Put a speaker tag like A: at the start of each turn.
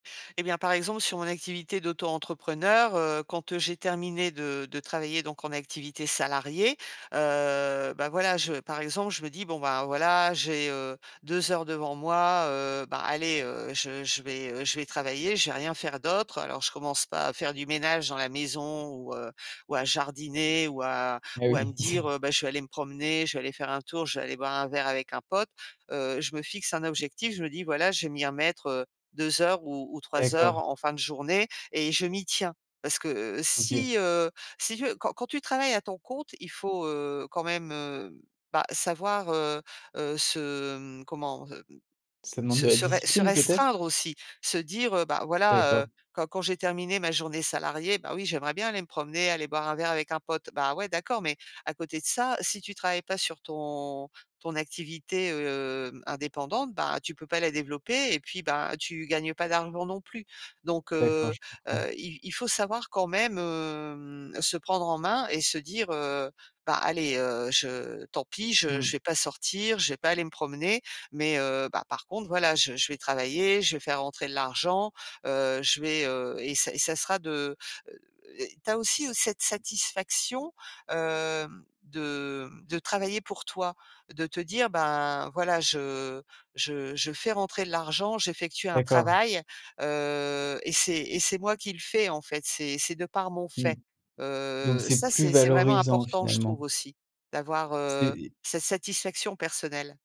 A: Eh bien, par exemple, sur mon activité d'auto-entrepreneur, heu, quand, heu, j'ai terminé de de travailler donc en activité salariée, heu, bah, voilà, je par exemple, je me dis: «Bon, ben, voilà, j'ai, heu, 2 heures devant moi, heu, ben, allez, heu, je je vais, heu, je vais travailler, je vais rien faire d'autre». Alors je commence pas à faire du ménage dans la maison ou, heu, ou à jardiner ou à
B: Et
A: ou à me
B: oui.
A: dire, heu: «Bah, je vais aller me promener, je vais aller faire un tour, je vais aller boire un verre avec un pote». Heu, je me fixe un objectif, je me dis: «Voilà, je vais m'y remettre, heu, 2 heures ou ou 3 heures
B: D'accord.
A: en fin de journée» et je m'y tiens. Parce que, heu,
B: OK.
A: si, heu, si tu veux quand quand tu travailles à ton compte, il faut, heu, quand même, heu, bah, savoir, heu heu, se, mmh, comment? Hem,
B: Ça demande de
A: se se
B: la
A: se ré se
B: discipline peut-être?
A: restreindre aussi, se dire: «Heu, bah, voilà, heu,
B: D'accord.
A: quand quand j'ai terminé ma journée salariée, bah oui, j'aimerais bien aller me promener, aller boire un verre avec un pote». Bah, ouais, d'accord, mais à côté de ça, si tu travailles pas sur ton ton activité, hem, indépendante, ben, tu peux pas la développer. Et puis, bah, tu gagnes pas d'argent non plus. Donc,
B: D'accord,
A: heu
B: je comprends.
A: heu, il il faut savoir quand même, hem, se prendre en main et se dire: «Heu, ben, allez, heu, je tant pis, je
B: Mmh.
A: je vais pas sortir, je vais pas aller me promener. Mais heu, bah, par contre, voilà, je je vais travailler, je vais faire rentrer de l'argent, heu, je vais, heu, et ça et ça sera de», heu, tu as aussi
B: S
A: cette satisfaction, hem, de, mmh, de travailler pour toi. De te dire: «Ben, voilà, je je je fais rentrer de l'argent, j'effectue un
B: D'accord.
A: travail, heu, et c'est et c'est moi qui le fais, en fait, c'est c'est de par mon
B: Mmh.
A: fait».
B: Donc
A: Heu
B: c'est
A: ça,
B: plus
A: c'est c'est vraiment
B: valorisant
A: important, je
B: finalement.
A: trouve aussi d'avoir,
B: C'est
A: heu,
B: des
A: cette satisfaction personnelle.